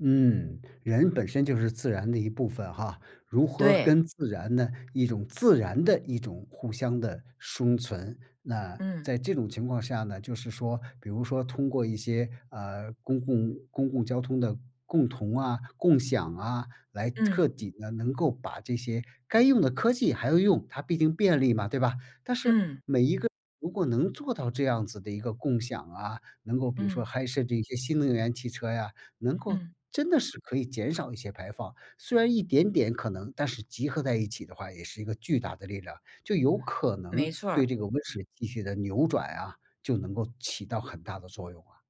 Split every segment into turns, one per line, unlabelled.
嗯，人本身就是自然的一部分哈，如何
对。
跟自然的一种自然地一种互相地生存，那在
嗯。
这种情况下呢，就是说比如说通过一些，啊，公共公共交通的共同啊，共享啊，来
嗯。
彻底地能够把这些该用的科技还要用，它毕竟便利嘛，对吧？但是每
嗯。
一个如果能做到这样子的一个共享啊，能够比如说
嗯。
还设计一些新能源汽车呀，能够
嗯。
真的是可以减少一些排放。虽然一点点可能但是集合在一起的话也是一个巨大的力量，就有可能
没错
对
儿。
这个温室气体的扭转啊，就能够起到很大的作用啊。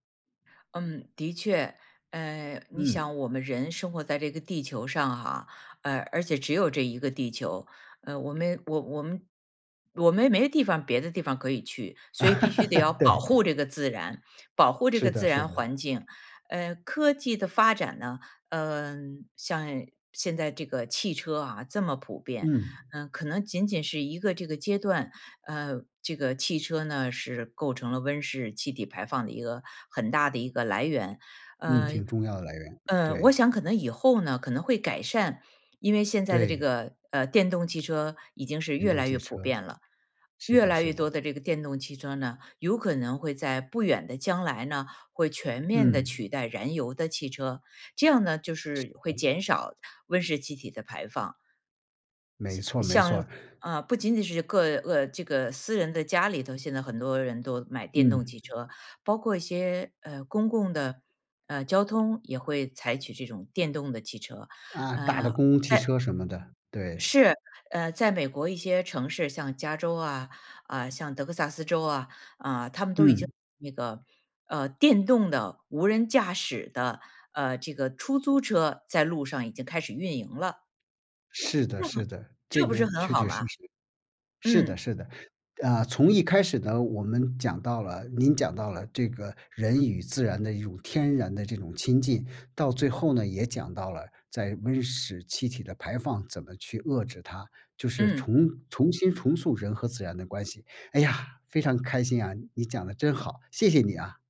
嗯，的确。嗯，你
嗯。
想我们人生活在这个地球上哈，呃，而且只有这一个地球，嗯，我们我我们我们没地方别的地方可以去。所以必须得要 保
对。
护这个自然，保护这
是
个
的
自
是
然
的。
环境。呃，科技的发展呢，嗯，像现在这个汽车啊，这么普遍，
嗯。
嗯，可能仅仅是一个这个阶段。嗯，这个汽车呢是构成了温室气体排放的一个很大的一个来源。
嗯，
嗯，
挺重要的来源，
呃，我
对。
想可能以后呢可能会改善。因为现在的这
对。
个，呃，电动汽车已经是
运
越
动
来
汽
越普
车，
遍了，
是
越
的
来
是
越多
的。
的这个电动汽车呢，有可能会在不远的将来呢，会全面地
嗯。
取代燃油的汽车，这样呢就是会减少温室气体的排放。
没错儿没错
像
儿。
像呃，不仅仅是个呃，这个私人的家里头现在很多人都买电动
嗯。
汽车，包括一些，呃，公共的，呃，交通也会采取这种电动的汽车。
啊，大
嗯，
的
在
公共汽车什么的，对。
是，呃，在美国一些城市，像加州啊，啊，像德克萨斯州啊，啊，他们都已经
嗯。
那个，啊，电动的，无人驾驶的，呃，这个出租车在路上已经开始运营了。
是的
这很
是的，这
这不是
个
很
确
好
确
嘛？
实实。是的
嗯。
是的，啊，从一开始呢，我们讲到了您讲到了这个人与自然的一种天然的这种亲近，到最后呢，也讲到了在温室气体的排放怎么去遏制它，就是
嗯。
重重新重塑人和自然的关系。哎呀，非常开心啊，你讲得真好，谢谢你啊。